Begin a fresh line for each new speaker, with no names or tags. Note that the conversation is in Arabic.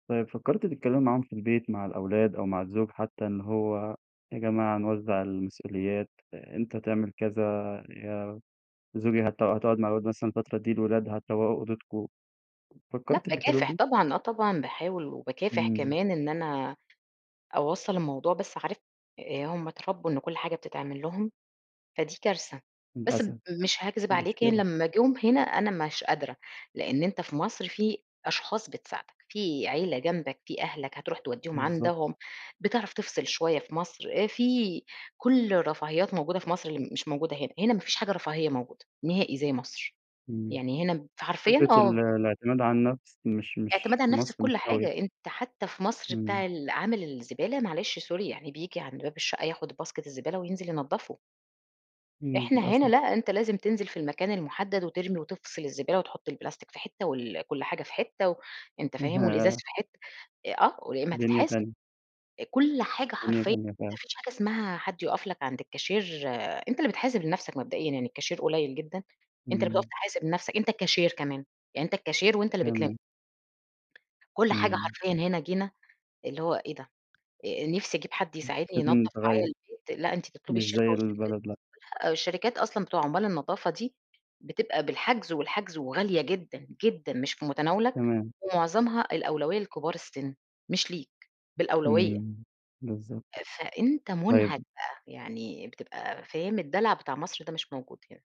طيب فكرتِ تتكلّمي معاهم في البيت مع الأولاد أو مع الزوج حتّى، إن هو يا جماعة نوزّع المسؤوليات، أ أنت تعمل كذا يا زوجي هت هتقعد مع الولاد مثلًا الفترة دي، الولاد هتروّقوا أوضتكم،
لأ،
فكرتِ في الحلول
باكافح
دي؟
طبعًا، آه طبعًا باحاول وباكافح
إمم.
كمان إن أنا أوصّل الموضوع، بس عارف آآ هم اتربوا إن كل حاجة بتتعمل لهم فدي كارثة، بس ب
للأسف
مش هاكذب عليك يعني
مشكلة.
لمّا جُم هنا أنا مش قادرة، لإن أنت في مصر في أشخاص بتساعدك، في عيلة جنبك، في أهلك هتروح تودّيهم
بالضبط
عندهم، بتعرف تفصل شويّة في مصر، آآ في كل الرفاهيات موجودة في مصر اللي مش موجودة هنا، هنا ما فيش حاجة رفاهية موجودة نهائي زي مصر.
إمم.
يعني هنا فحرفيًا
فكرة ال
آه.
الاعتماد على النفس مش
اعتماد
مش
على
في
النفس في
مصر مش
كل
أوي.
حاجة، أنت حتّى في مصر
إمم.
بتاع العامل الزبالة معلش sorry يعني، بييجي عند باب الشقّة ياخد باسكت الزبالة وينزل ينضفه.
امم
إحنا هنا
للأسف.
لأ، أنت لازم تنزل في المكان المحدد وترمي وتفصل الزبالة، وتحط البلاستيك في حتّة وال كل حاجة في حتّة، وأنت
[unintelligible]
فاهم الإزاز
ياه!
في حتّة آه ويا إما
دنيا
تتحاسب.
تانية.
كل حاجة
دنيا
حرفيًا
تانية
ما
فعلًا.
فيش حاجة إسمها حد يقف لك عند الكاشير، أنت اللي بتحاسب لنفسك مبدئيًا يعني الكاشير قليل جدًا، أنت اللي بتقف
إمم.
تحاسب لنفسك، أنت الكاشير كمان يعني أنت الكاشير وأنت اللي بتلم.
تمام.
كل حاجة
إمم.
حرفيًا هنا جينا اللي هو إيه ده؟! آآ نفسي أجيب حد
[unintelligible]
يساعدني ينضف
لازم
معايا
يتغير.
البيت، لأ أنت تطلبي
مش
الشركة
زي
والشركات
البلد لأ.
لأ الشركات أصلًا بتوع عمّال النضافة دي بتبقى بالحجز، والحجز وغالية جدًا جدًا، مش في متناولك،
تمام.
ومعظمها الأولوية لكبار السن مش ليك بالأولوية.
إمم بالضبط.
فأنت منهك
طيب
بقى، يعني بتبقى فاهم الدلع بتاع مصر ده مش موجود هنا.